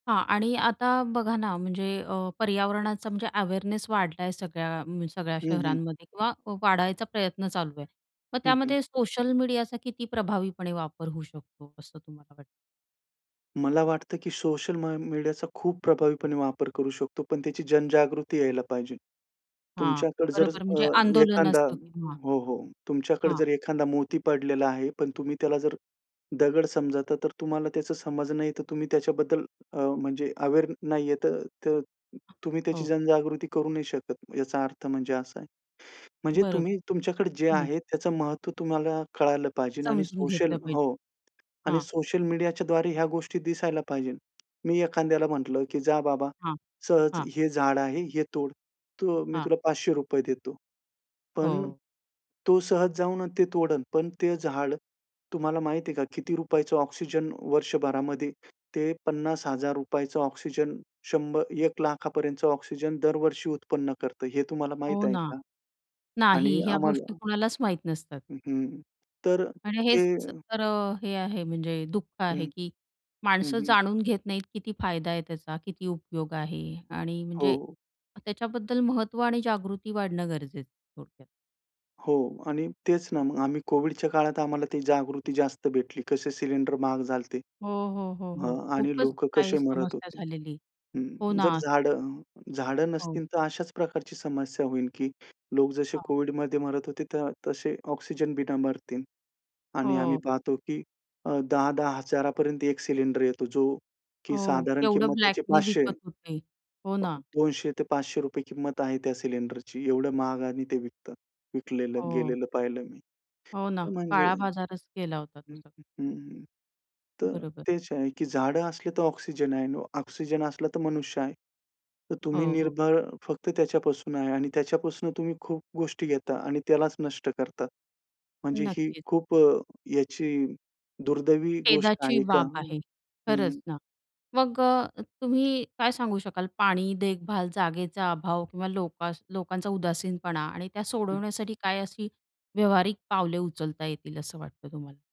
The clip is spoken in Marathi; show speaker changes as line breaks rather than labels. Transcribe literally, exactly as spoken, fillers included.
हां. आणि आता बघा ना, अ, म्हणजे पर्यावरणाचा म्हणजे अवेअरनेस वाढलाय सगळ्या म्हणजे सगळ्या
हं, हं.
शहरांमध्ये किंवा वाढायचा प्रयत्न चालू आहे, मग
हं, हं.
त्यामध्ये सोशल मीडियाचा किती प्रभावीपणे वापर होऊ शकतो, असं तुम्हाला वाटतं?
मला वाटतं की सोशल म मीडियाचा खूप प्रभावीपणे वापर करू शकतो, पण त्याची जनजागृती यायला पाहिजे.
हां.
तुमच्याकडे जर
बरोबर
अ,
म्हणजे आंदोलन
एखादा
असतं तेव्हा
हो, हो. तुमच्याकडे
हां.
जर एखादा मोती पडलेला आहे, पण तुम्ही त्याला जर दगड समजता तर तुम्हाला त्याची समज नाहीये, तर तुम्ही त्याच्याबद्दल अ, म्हणजे अवेअर नाहीये तर त तुम्ही त्याची
हो.
जनजागृती करू नाही शकत. याचा अर्थ म्हणजे असा आहे. म्हणजे
बरोबर.
तुम्ही तुमच्याकडे जे
हं
आहे त्याचं महत्त्व तुम्हाला कळालं पाहिजेन आणि
समजून
सोशल
घेतलं पाहिजे.
हो. आणि
हां.
सोशल मीडियाच्याद्वारे ह्या गोष्टी दिसायला पाहिजेल. मी एखाद्याला म्हटलं की "जा बाबा,
हां.
सहज
हां.
हे झाड आहे, हे तोड तु, मी
हां.
तुला पाचशे रुपये देतो." पण
हो.
तो सहज जाऊन न ते तोडेल पण ते झाड तुम्हाला माहिती आहे का किती रुपयाचं ऑक्सिजन वर्षभरामध्ये ते पन्नास हजार रुपयांचं ऑक्सिजन शंभर एक लाखापर्यंतचं ऑक्सिजन दरवर्षी उत्पन्न करतं, हे तुम्हाला
हो
माहीत आहे
ना.
का?
नाही
आणि
ह्या गोष्टी
आम्हाला
कोणालाच माहीत नसतात.
हं, हं. तर
आणि
ते
हेच च खरं हे आहे म्हणजे दुःख आहे
हं.
की
हं,
माणसं
हं.
जाणून घेत नाहीत किती फायदा आहे त्याचा, किती उपयोग आहे आणि म्हणजे
हो.
त्याच्याबद्दल महत्त्व आणि जागृती वाढणं गरजेचं, थोडक्यात.
हो आणि तेच ना मग, आम्ही कोव्हिडच्या काळात आम्हाला ती जागृती जास्त भेटली. कसे सिलिंडर महाग झालते.
हो, हो, हो,
हा
हो.
आणि
खूपच
लोक
काही
कसे मरत
समस्या
होते.
झालेली.
हं.
हो
अ, जर
ना.
झाडं झाडं
हो.
नसतील, तर अशाच प्रकारची समस्या होईल की लोक जसे
हां.
कोव्हिडमध्ये मरत होते, तर तसे ऑक्सिजन बिना मरतील आणि आम्ही
हो.
पाहतो की अ, दहा दहा हजारापर्यंत एक सिलिंडर येतो जो की
हो.
साधारण
केवढं
किंमत त्याची
ब्लॅकनी
पाचशे.
विकत होते. हो
प
ना.
दोनशे ते पाचशे रुपये किंमत आहे त्या सिलिंडरची. एवढं महागाने ते विकतात. विकलेलं
हो.
गेलेलं पाहिलं मी.
हो ना,
तर म्हणजे
काळा बाजारच केला होता
हं,
त्याचा.
हं, हं, तर
बरोबर.
तेच आहे की झाडं असले तर ऑक्सिजन आहे आणि ऑक्सिजन असला तर मनुष्य आहे. तर तुम्ही
हो, हो.
निर्भर फक्त त्याच्यापासून आहे आणि त्याच्यापासून तुम्ही खूप गोष्टी घेता आणि त्यालाच नष्ट करता. म्हणजे ही
नक्कीच.
खूप अ, याची दुर्दैवी गोष्ट
खेदाची
आहे का?
बाब
अ,
आहे. खरंच
हं.
ना, मग अ, तुम्ही काय सांगू शकाल पाणी, देखभाल, जागेचा अभाव किंवा लोकास लोकांचा उदासीनपणा आणि त्या
हं.
सोडवण्यासाठी काय अशी व्यावहारिक पावले उचलता येतील असं वाटतं तुम्हाला?